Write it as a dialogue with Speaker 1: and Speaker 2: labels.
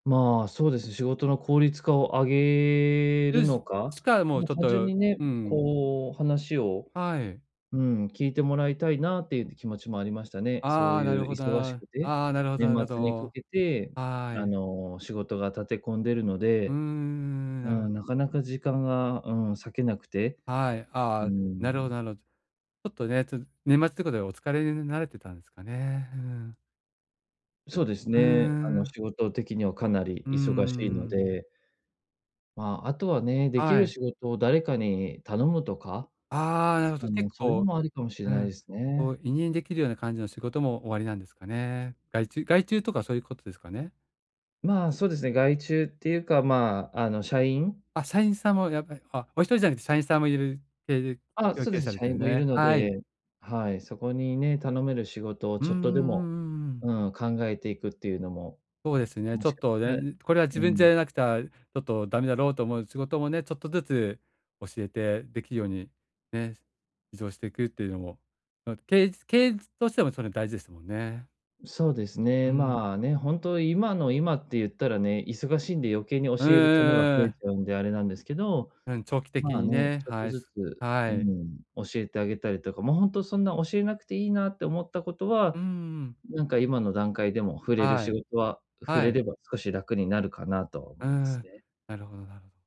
Speaker 1: まあ、そうですね。仕事の効率化を上げる
Speaker 2: で
Speaker 1: の
Speaker 2: す、
Speaker 1: か、
Speaker 2: しかもう
Speaker 1: ま、
Speaker 2: ちょっ
Speaker 1: 単純
Speaker 2: と
Speaker 1: にね、
Speaker 2: うん。
Speaker 1: こう話を、
Speaker 2: はい。
Speaker 1: うん、聞いてもらいたいなっていう気持ちもありましたね。
Speaker 2: あ
Speaker 1: そう
Speaker 2: あ、な
Speaker 1: い
Speaker 2: る
Speaker 1: う
Speaker 2: ほど、
Speaker 1: 忙し
Speaker 2: だあ
Speaker 1: くて、
Speaker 2: ああ、なるほど、
Speaker 1: 年
Speaker 2: なるほ
Speaker 1: 末にか
Speaker 2: ど。
Speaker 1: けて、
Speaker 2: は
Speaker 1: あ
Speaker 2: い。
Speaker 1: の、仕事が立て込んでるの
Speaker 2: うー
Speaker 1: で、
Speaker 2: ん、な
Speaker 1: う
Speaker 2: る
Speaker 1: ん、なかなか時間が、うん、割けなくて、
Speaker 2: はい、
Speaker 1: う
Speaker 2: あ
Speaker 1: ー
Speaker 2: あ、なるほ
Speaker 1: ん。
Speaker 2: ど、なろ。ちょっとね、ちょ年末とかでお疲れになれてたんすかね？うん。
Speaker 1: そうです
Speaker 2: う
Speaker 1: ね。あの
Speaker 2: ん。
Speaker 1: 仕事的にはかなり
Speaker 2: うんう
Speaker 1: 忙しいの
Speaker 2: んうん。
Speaker 1: で。まあ、あとはね、でき
Speaker 2: は
Speaker 1: る
Speaker 2: い。
Speaker 1: 仕事を誰かに頼むとか？
Speaker 2: ああ、なるほ
Speaker 1: あ
Speaker 2: ど。
Speaker 1: の、
Speaker 2: 結
Speaker 1: そういうの
Speaker 2: 構
Speaker 1: もありかもしれ
Speaker 2: う
Speaker 1: ないで
Speaker 2: ん、
Speaker 1: す
Speaker 2: こう
Speaker 1: ね。
Speaker 2: 委任できるような感じの仕事もおありなんですかね？外注外注とかそういうことですかね？
Speaker 1: まあ、そうですね。外注っていうかまあ、あの、社員？
Speaker 2: あ、社員さんもやっぱり、あ、一人じゃなくて社員さんもいるてる、
Speaker 1: あ、
Speaker 2: よう
Speaker 1: そう
Speaker 2: け
Speaker 1: で
Speaker 2: い
Speaker 1: すね。
Speaker 2: され
Speaker 1: 社
Speaker 2: てる
Speaker 1: 員もいる
Speaker 2: ね。
Speaker 1: の
Speaker 2: はい。
Speaker 1: で、はい、そこにね、頼める仕事を
Speaker 2: うん
Speaker 1: ち
Speaker 2: うん
Speaker 1: ょっとでも、
Speaker 2: うん。うーん。
Speaker 1: うん、考えていくっていうのも、
Speaker 2: ほえすね、
Speaker 1: も
Speaker 2: ちょ
Speaker 1: し
Speaker 2: っ
Speaker 1: かた、
Speaker 2: とね、うこれは自
Speaker 1: う
Speaker 2: 分じゃ
Speaker 1: ん。
Speaker 2: やらなくた、ちょっとダメだろうと思う仕事もね、ちょっとずつ教えてできるように、ね、移動していくっていうのも、の、けいずけいずとしてもそね大事ですもんね。
Speaker 1: そうです
Speaker 2: う
Speaker 1: ね。
Speaker 2: ん。
Speaker 1: まあ、ね、本当今の今って言ったらね、忙しいんで余計に教
Speaker 2: う
Speaker 1: える手間が
Speaker 2: んうん
Speaker 1: 増
Speaker 2: う
Speaker 1: えち
Speaker 2: ん。
Speaker 1: ゃうんで、あれなんですけど、
Speaker 2: うん、長期的
Speaker 1: まあ
Speaker 2: に
Speaker 1: ね、
Speaker 2: ね、
Speaker 1: ちょっと
Speaker 2: はい、
Speaker 1: ずつ、
Speaker 2: すはは
Speaker 1: うー
Speaker 2: い。
Speaker 1: ん、教えてあげたりとか、もうほんとそんな教えなくていいなって思ったことは、
Speaker 2: うん、ううん。
Speaker 1: なんか今の段階でも振れる
Speaker 2: は
Speaker 1: 仕
Speaker 2: い、
Speaker 1: 事は、振
Speaker 2: は
Speaker 1: れ
Speaker 2: い。
Speaker 1: れば少し楽になるかなとは
Speaker 2: う
Speaker 1: 思
Speaker 2: ー
Speaker 1: います
Speaker 2: ん、
Speaker 1: ね。
Speaker 2: なるほど、なろ。